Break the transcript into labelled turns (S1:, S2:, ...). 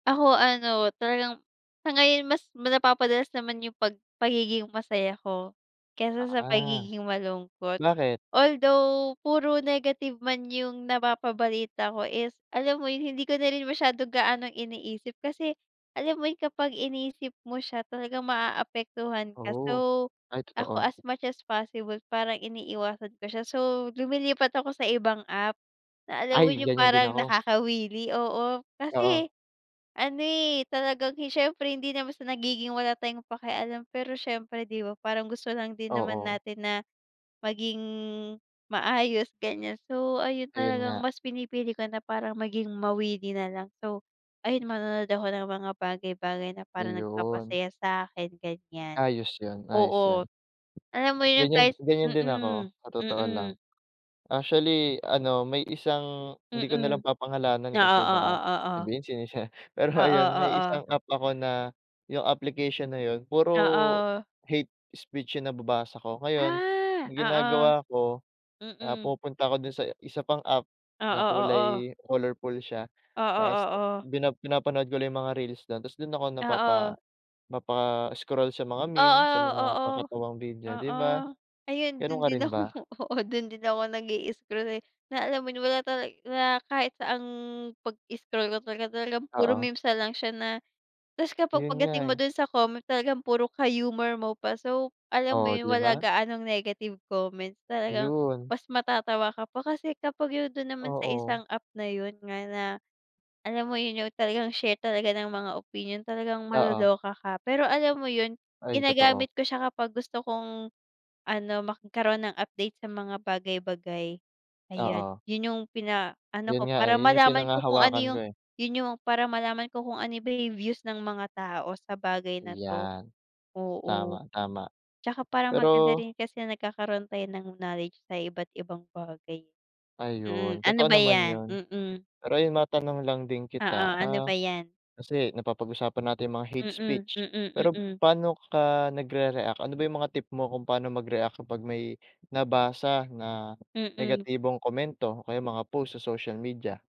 S1: Ako ano, talagang sa ngayon mas napapadalas naman yung pag pagiging masaya ko kaysa sa
S2: Ah.
S1: pagiging malungkot.
S2: Bakit?
S1: Although puro negative man yung napapabalita ko is alam mo yung hindi ko na rin masyado gaanong iniisip kasi alam mo yung kapag inisip mo siya talagang maaapektuhan ka.
S2: Oo.
S1: So,
S2: Ay
S1: ako
S2: totoo.
S1: as much as possible parang iniiwasan ko siya. So, lumilipat ako sa ibang app na alam mo
S2: Ay
S1: yung
S2: ganyan din
S1: parang
S2: ako.
S1: nakakawili, oo.
S2: Oo.
S1: Kasi ano, eh, talagang siyempre hindi naman sa nagiging wala tayong pakialam, pero siyempre 'di ba parang gusto lang din naman
S2: Oo.
S1: natin na maging maayos, ganyan. So, ayun
S2: Ayun
S1: talagang
S2: nga.
S1: mas pinipili ko na parang maging mawili na lang. So, ayun manonood ako ng mga bagay-bagay na parang
S2: Ayun.
S1: nagpapasaya sa'kin, ganyan.
S2: Ayos yun, ayos
S1: Oo.
S2: 'yan.
S1: Alam mo yun
S2: Ganyan
S1: kahit
S2: ganyan din ako
S1: mm,
S2: sa totoo lang.
S1: mm.
S2: Actually, ano, may isang hindi ko na
S1: Mm.
S2: lang papangalanan
S1: Oo,
S2: kasi
S1: oo,
S2: baka
S1: oo.
S2: sabihin sinisi pero
S1: Oo,
S2: ayun may
S1: oo.
S2: isang app ako na yung application na yun puro
S1: Oo.
S2: hate speech yung nababasa ko. Ngayon
S1: Ah, oo.
S2: ginagawa ko, ah,
S1: Mm.
S2: pumupunta ako dun sa isa pang app na
S1: Oo, oo.
S2: kulay colorful siya
S1: Oo,
S2: tapos
S1: oo.
S2: pina pinapanood ko lang yung mga reels do'n tapos dun ako
S1: Oo.
S2: napapa mapa-scroll sa mga meme,
S1: Oo,
S2: sa mga
S1: oo,
S2: kakatawang video, 'di
S1: oo.
S2: ba?
S1: Ayun dun
S2: Ganun ka
S1: din
S2: rin
S1: ako
S2: ba?
S1: oo, dun din ako nag-i-scroll, eh. Na alam mo yun, wala tala wala kahit saan ang 'pag scroll ko talaga, talagang puro
S2: Oo.
S1: meme's na lang siya na tapos kapag
S2: Yun nga,
S1: pagdating mo
S2: eh.
S1: dun sa comment talagang puro ka-humor mo pa. So, alam mo
S2: Oh,
S1: yun
S2: 'di
S1: wala
S2: ba.
S1: gaanong negative comment, talagang
S2: Yun.
S1: mas matatawa ka pa. Kasi kapag yung dun naman sa isang
S2: Oo.
S1: app na yun nga na alam mo yun yung talagang share talaga ng mga opinyon talagang
S2: Oo.
S1: maloloka ka. Pero alam mo yun,
S2: Ay totoo.
S1: ginagamit ko siya kapag gusto kong ano, magkaroon ng update sa mga bagay-bagay, ayan.
S2: Oo.
S1: Yun yung pinaano ko
S2: Yun nga,
S1: para
S2: eh. Yun yung
S1: malaman ko kung ano
S2: pinanghahawakan ko,
S1: yung
S2: eh.
S1: yun yung para malaman ko kung ano ba yung views ng mga tao sa bagay na 'to,
S2: 'Yan.
S1: oo.
S2: Tama, tama.
S1: Tsaka parang maganda
S2: Pero
S1: rin kasi nagkakaroon tayo ng knowledge sa iba't ibang bagay. Hmm,
S2: Ayun,
S1: ano
S2: totoo
S1: ba
S2: naman
S1: yan?
S2: yun.
S1: Mm.
S2: Pero ayun matanong lang din kita,
S1: Oo, ano
S2: ah,
S1: ba 'yan?
S2: kasi napapag-usapan natin mga hate
S1: Mm,
S2: speech.
S1: mm,
S2: Pero
S1: mm.
S2: paano ka nagre-react? Ano ba yung mga tip mo kung pano mag-react kapag may nabasa na
S1: Mm.
S2: negatibong komento o kaya mga post sa social media?